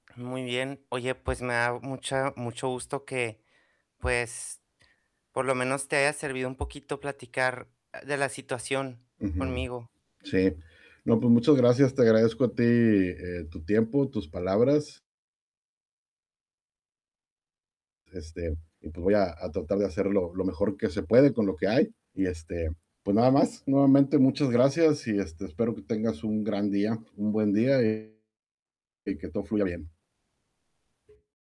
Muy bien. Oye, pues, me da mucha mucho gusto que, pues, por lo menos te haya servido un poquito platicar, ah, de la situación Ujú conmigo. Sí. No, pues muchas gracias, te agradezco a ti, eh, tu tiempo, tus palabras. Este, y pues, voy a a tratar de hacer lo lo mejor que se puede con lo que hay y, este, pues, nada más, nuevamente, muchas gracias y, este, espero que tengas un gran día, un buen día y y que todo fluya bien.